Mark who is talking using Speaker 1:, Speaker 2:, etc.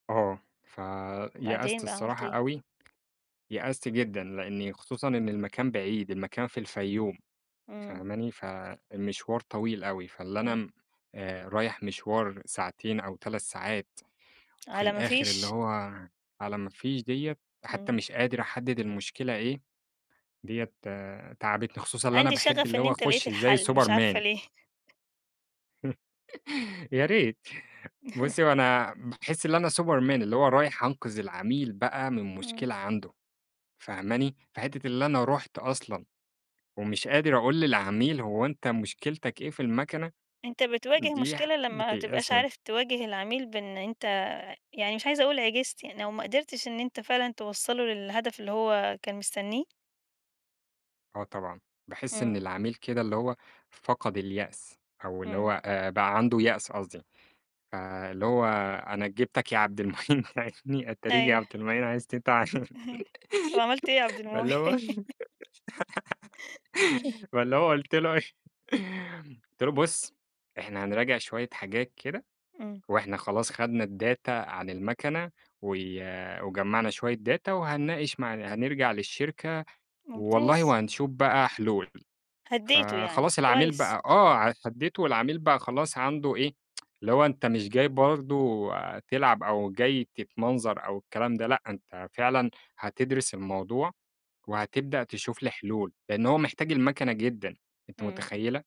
Speaker 1: آه، فيأست
Speaker 2: وبعدين بقى، عملت
Speaker 1: الصراحة
Speaker 2: إيه؟
Speaker 1: أوي، يأست جدًا، لأني خصوصًا إن المكان بعيد. المكان في الفيوم،
Speaker 2: إمم.
Speaker 1: فاهماني؟ فالمشوار طويل أوي، فاللي
Speaker 2: إمم.
Speaker 1: أنا آآ، رايح مشوار ساعتين أو 3 ساعات، وفي
Speaker 2: على ما
Speaker 1: الآخر اللي
Speaker 2: فيش.
Speaker 1: هو على ما فيش ديّة. حتّى
Speaker 2: إمم.
Speaker 1: مش قادر أحدد المشكلة إيه. ديّة تعبتني خصوصًا اللي أنا
Speaker 2: عندي
Speaker 1: باحب
Speaker 2: شغف
Speaker 1: اللي
Speaker 2: إن
Speaker 1: هو
Speaker 2: أنت لقيت
Speaker 1: اخش زي
Speaker 2: الحل، مش عارفة
Speaker 1: Superman.
Speaker 2: ليه.
Speaker 1: يا ريت. بُصّي، هو أنا باحس اللي أنا Superman، اللي هو رايح أنقذ العميل بقى من
Speaker 2: إمم.
Speaker 1: مشكلة عنده، فاهماني؟ فحتّة اللي أنا رُحت أصلًا، ومش قادر أقول للعميل هو أنت مشكلتك إيه في المكنة،
Speaker 2: أنت بتواجه
Speaker 1: دي حا
Speaker 2: مشكلة لمّا ما تبقاش
Speaker 1: بتيأسني.
Speaker 2: عارف تواجه العميل بأن أنت، يعني مش عايزة أقول عجزت، يعني لو ما قدرتش إن أنت فعلًا توصَّله للهدف اللي هو كان مستنيه؟
Speaker 1: آه طبعًا، باحس إن
Speaker 2: إمم.
Speaker 1: العميل كده اللي هو، فقد اليأس أو اللي
Speaker 2: إمم.
Speaker 1: هو آآ، بقى عنده يأس قصدي. آآ، اللي هو أنا جِبتك يا عبد المعين تعينِّي، اتاريك يا
Speaker 2: أيوه.
Speaker 1: عبد المعين عايز تتعان.
Speaker 2: طَب، عملت إيه يا عبد
Speaker 1: فاللي هو
Speaker 2: المعين؟
Speaker 1: فاللي هو قُلت له إيه، قُلت له: "بُص إحنا هنراجع شويّة حاجات كده،
Speaker 2: إمم.
Speaker 1: وإحنا خلاص خدنا الداتا عن المكنة و وجمَّعنا شويّة data وهنناقش مع هَنرجع للشركة، والله
Speaker 2: ممتاز.
Speaker 1: وهَنشوف بقى حلول."
Speaker 2: هدّيته يعني،
Speaker 1: فخلاص العميل
Speaker 2: كويس.
Speaker 1: بقى آه، هديته والعميل بقى خلاص عنده إيه اللي هو أنت مش جاي برضه تلعب أو جاي تتمنظر أو الكلام ده لأ، أنت فعلًا هتدرس الموضوع، وهتبدأ تشوف لي حلول. لأنّ هو محتاج المكنة جدًا، أنتِ
Speaker 2: إمم.
Speaker 1: متخيّلة؟